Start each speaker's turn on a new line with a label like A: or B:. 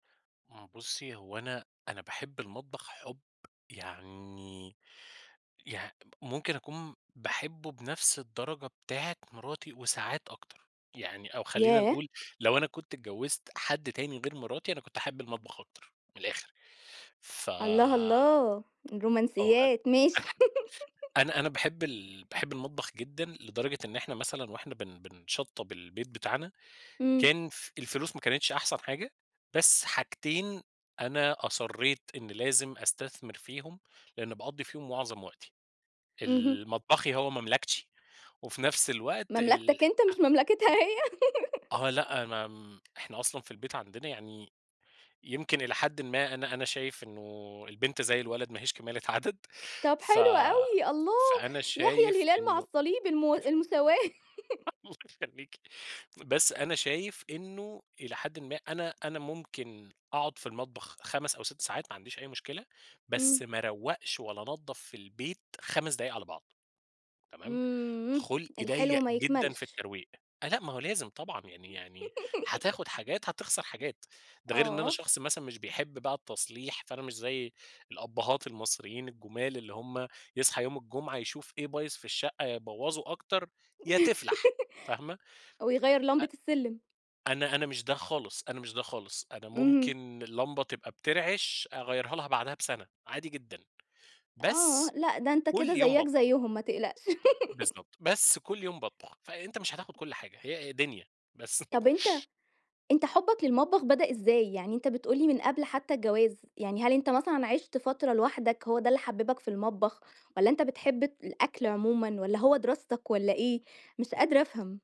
A: إمم. بُصي، هو أنا أنا باحب المطبخ حُب يعني يع ممكن أكون باحبه بنفْس الدرجة بتاعة مراتي وساعات أكتر. يعني أو خلّينا
B: ياه!
A: نقول لو أنا كنت اتجوزت حد تاني غير مراتي، أنا كنت هاحب المطبخ أكتر، من الآخر، ف
B: الله، الله!
A: آه. أ
B: رومانسيات، ماشي.
A: أنا أنا باحب ال باحب المطبخ جدًا، لدرجة إن إحنا مثلًا وإحنا بن بن بنشطَّب البيت بتاعنا،
B: إمم.
A: كان ف الفلوس ما كانتش أحسن حاجة، بس حاجتين أنا أصرِّيت إن لازم أستثمر فيهم، لأن باقضي فيهم معظم وقتي،
B: اهم.
A: ال مطبخي هو مملكتي وفي نفس الوقت الح
B: مملكتك أنت، مش مملكتها هي؟
A: آه، لأ، ما إحنا أصلًا في البيت عندنا يعني، يمكن إلى حدٍ ما أنا أنا شايف إنه البنت زي الولد ما هيش كمالة عدد
B: طَب،
A: ف
B: حلو أوي الله!
A: فأنا
B: يحيا
A: شايف
B: الهلال مع
A: إنه
B: الصليب، الم المساواة.
A: [unintelligible] يخليكِ. بس أنا شايف إنه إلى حدٍ ما أنا أنا ممكن أقعد في المطبخ 5 أو 6 ساعات، ما عنديش أي مشكلة، بس
B: إمم.
A: ما أروَّقش ولا انضَّف في البيت 5 دقايق على بعض، تمام،
B: إمم،
A: خُلقي
B: الحلو
A: ضيَّق
B: ما
A: جدًا في
B: يكملش.
A: الترويق. آآ، لأ ما هو لازم طبعًا يعني يعني حتاخد حاجات هتخسر حاجات، ده غير إن أنا
B: آه.
A: شخص مثلًا مش بيحب بقى التصليح، فأنا مش زي الأبهات المصريين الجُمال، اللي هُم يصحى يوم الجمعة يشوف إيه بايظ في الشقة، يا يبوَّظوا أكتر يا تِفْلَح، فاهمة.
B: أو يغيَّر
A: أ
B: لمبة السِلِم.
A: أنا أنا مش ده خالص، أنا مش ده خالص، أنا
B: اهم.
A: ممكن اللمبة تبقى بترعش، أغيرها لها بعدها بسَنَة، عادي جدًا،
B: آه.
A: بس
B: لأ، ده أنت كده
A: كل يوم
B: زَيّك
A: باطبخ.
B: زَيّهم، ما تقلقش.
A: بالضبط. بس كل يوم باطبخ، فأنت مش هتاخد كل حاجة هي دنيا بس.
B: طَب أنت أنت حُبك للمطبخ بدأ إزاي؟ يعني أنت بتقول لي من قبل حتى الجواز، يعني هل أنت مثلًا عِشت فترة لوحدك، هو ده اللي حببك في المطبخ والّا أنت بتحب الأكل عمومًا والّا هو دراستك والّا إيه؟ مش قادرة أفهم.